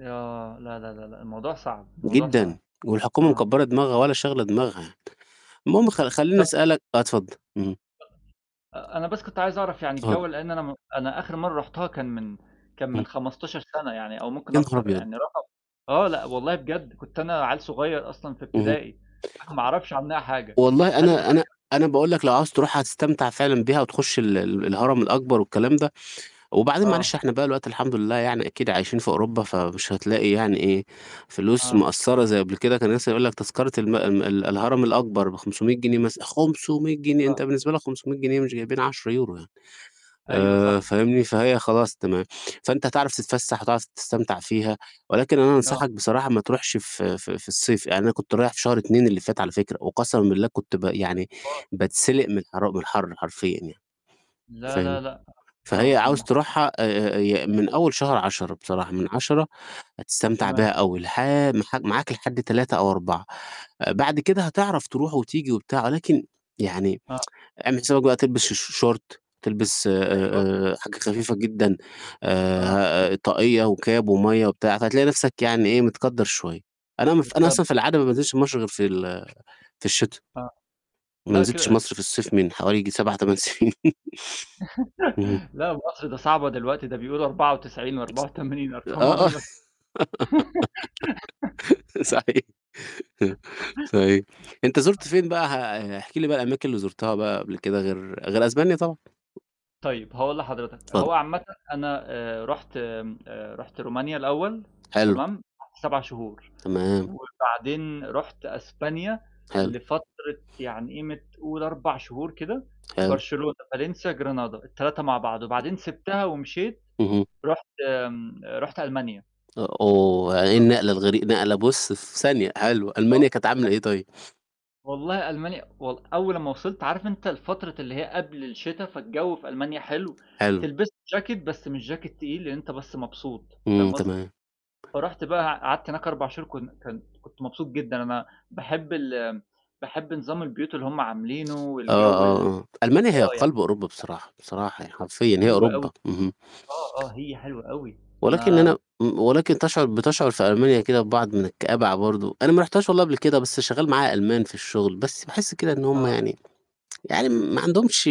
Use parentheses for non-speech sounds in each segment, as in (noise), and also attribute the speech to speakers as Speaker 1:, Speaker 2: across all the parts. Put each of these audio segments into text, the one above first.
Speaker 1: آه. لا، لا، لا، لا، الموضوع صعب، الموضوع صعب،
Speaker 2: جدًا، والحكومة
Speaker 1: آه.
Speaker 2: مكبرة دماغها ولا شاغلة دماغها، المهم خ خلّيني
Speaker 1: طب (unintelligible)
Speaker 2: أسألك آه اتفضل، اهم.
Speaker 1: أ أنا بس كنت عايز أعرف يعني
Speaker 2: اتفضل.
Speaker 1: الجو لأن أنا م أنا آخر مرة رحتها كان من كان
Speaker 2: إمم.
Speaker 1: من 15 سنة، يعني، أو ممكن
Speaker 2: يا نهار
Speaker 1: أكتر،
Speaker 2: أبيض!
Speaker 1: يعني رقم آه، لأ، والله بجد كنت أنا عيّل صغير أصلًا في
Speaker 2: اهم.
Speaker 1: ابتدائي، أنا ما أعرفش عنّها حاجة.
Speaker 2: والله
Speaker 1: هل اتغيّر
Speaker 2: أنا أنا أنا باقول لك لو عاوز تروحها هتستمتع فعلًا بِيها وتخش ال ال الهرم الأكبر والكلام ده، وبعدين
Speaker 1: آه.
Speaker 2: معلش إحنا بقى الوقتي الحمد لله يعني أكيد عايشين في أوروبا فمش هتلاقي يعني إيه، فلوس
Speaker 1: آه.
Speaker 2: مأثرة زي قبل كده، كان مثلًا يقول لك تذكرة الم ال ال الهرم الأكبر ب500 جنيه مثلًا، 500 جنيه! أنت
Speaker 1: آه.
Speaker 2: بالنسبة لك 500 جنيه مش جايبين 10€ يعني.
Speaker 1: أيوه
Speaker 2: آآ،
Speaker 1: صح.
Speaker 2: فاهمني فهي خلاص تمام، فأنت هتعرف تتفسح، هتعرف تستمتع فيها، ولكن أنا
Speaker 1: آه.
Speaker 2: أنصحك بصراحة ما تروحش ف ف في الصيف، يعني أنا كنت رايح في شهر 2 اللي فات على فكرة، وقسمًا بالله كنت ب يعني
Speaker 1: (unintelligible)
Speaker 2: باتسلق من الحرا الحر حرفيًا يعني.
Speaker 1: لا،
Speaker 2: فاهم،
Speaker 1: لا، لا،
Speaker 2: فهي
Speaker 1: آه. أنا
Speaker 2: عاوز
Speaker 1: مح
Speaker 2: تروحها آآ، ي من أول شهر 10 بصراحة من 10 هتستمتع بيها
Speaker 1: تمام.
Speaker 2: أوي لح مح معاك لحد 3 أو 4، بعد كده هتعرف تروح وتيجي وبتاع، ولكن يعني
Speaker 1: آه.
Speaker 2: (tsk) أعمل حسابك بقى تلبس الش شورت تلبس
Speaker 1: أيوه.
Speaker 2: آآ، حاجة خفيفة جدًا،
Speaker 1: آه.
Speaker 2: آآ، طاقية وكاب ومَيَّة وبتاع، فهتلاقي نفسك يعني إيه متكدر شوية. أنا مف أنا
Speaker 1: بتكد
Speaker 2: أصلًا في العادة ما بانزلش مصر غير في ال في الشتاء.
Speaker 1: آه،
Speaker 2: ما
Speaker 1: لا
Speaker 2: نزلتش
Speaker 1: كده
Speaker 2: مصر في الصيف من حوالي يجي 7،8 سنين. (laughs) اهم.
Speaker 1: (laughs) لا وأصل ده صعبة دلوقتي، ده بيقولوا 94 و84 أرقام
Speaker 2: آه
Speaker 1: عمري
Speaker 2: آه،
Speaker 1: ما س
Speaker 2: (laughs)
Speaker 1: (giggles)
Speaker 2: صحيح، (chuckles)
Speaker 1: (laughs)
Speaker 2: صحيح أنت زرت
Speaker 1: آه.
Speaker 2: فين بقى؟ آآ، احكِ لي بقى الأماكن اللي زرتها بقى كده غير غير إسبانيا طبعًا.
Speaker 1: طيب هاقول لحضرتك،
Speaker 2: اتفضل.
Speaker 1: هو عامةً أنا آآ، رُحت آمم، آآ، رُحت رومانيا الأول
Speaker 2: حلو.
Speaker 1: تمام 7 شهور،
Speaker 2: تمام.
Speaker 1: وبعدين رُحت إسبانيا،
Speaker 2: حلو.
Speaker 1: لفترة يعني قيمة قُل 4 شهور كده،
Speaker 2: حلو.
Speaker 1: Barcelona، València، Granada، ال3 مع بعض، وبعدين سبتها ومشيت
Speaker 2: اهم.
Speaker 1: رُحت آمم، رُحت ألمانيا.
Speaker 2: أ أوه! وإيه
Speaker 1: (unintelligible)
Speaker 2: النقلة الغري نقلة بُص في ثانية، حلو ألمانيا
Speaker 1: آه،
Speaker 2: كانت عاملة
Speaker 1: (unintelligible)
Speaker 2: إيه طيب؟
Speaker 1: والله ألمانيا والل أول أما وصلت عارف أنت الفترة اللي هي قبل الشتاء فالجو في ألمانيا حلو،
Speaker 2: حلو.
Speaker 1: تلبس له جاكيت بس مش جاكيت تقيل لأن أنت بس مبسوط
Speaker 2: إمم،
Speaker 1: فاهم قصدي.
Speaker 2: تمام.
Speaker 1: فرُحت بقى قعدت هناك 4 شهور كن كن كنت مبسوط جدًا، أنا باحب ال باحب نظام البيوت اللي هم عاملينه
Speaker 2: آه،
Speaker 1: والجو ال
Speaker 2: آه، آه، ألمانيا هي
Speaker 1: آه يعني.
Speaker 2: قلب أوروبا
Speaker 1: (unintelligible)
Speaker 2: بصراحة، بصراحة يعني حرفيًا، هي
Speaker 1: حلوة أوي.
Speaker 2: أوروبا. اهم
Speaker 1: آه، آه، هي حلوة أوي
Speaker 2: ولكن
Speaker 1: أنا
Speaker 2: أنا م ولكن تشعر بتشعر في ألمانيا كده ببعض من الكآبة ع برضه، أنا ما رحتهاش والله قبل كده
Speaker 1: (unintelligible)
Speaker 2: بس شغال معايا ألمان في الشغل، بس باحس كده إن هم
Speaker 1: آه.
Speaker 2: يعني يعني ما عندهمش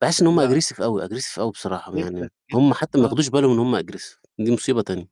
Speaker 2: باحس إن هم
Speaker 1: لأ.
Speaker 2: aggressive أوي aggressive أوي بصراحة،
Speaker 1: جدًا،
Speaker 2: يعني هم
Speaker 1: جدًا،
Speaker 2: حتى ما
Speaker 1: آه.
Speaker 2: ياخدوش بالهم إن هم aggressive دي مصيبة تانية.